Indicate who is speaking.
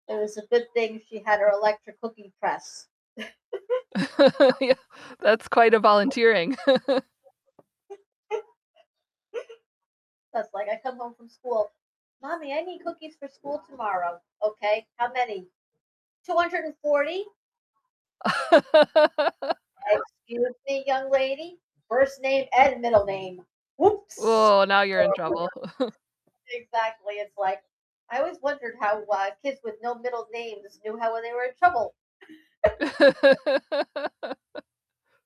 Speaker 1: It was a good thing she had her electric cookie press.
Speaker 2: Yeah, that's quite a volunteering.
Speaker 1: That's like, I come home from school, "Mommy, I need cookies for school tomorrow." "Okay, how many?" "240." "Excuse me, young lady, first name and middle name." "Whoops."
Speaker 2: Whoa, now you're in
Speaker 1: [unintelligible]
Speaker 2: trouble.
Speaker 1: Exactly. It's like I always wondered how, uh, kids with no middle names knew how they were in trouble.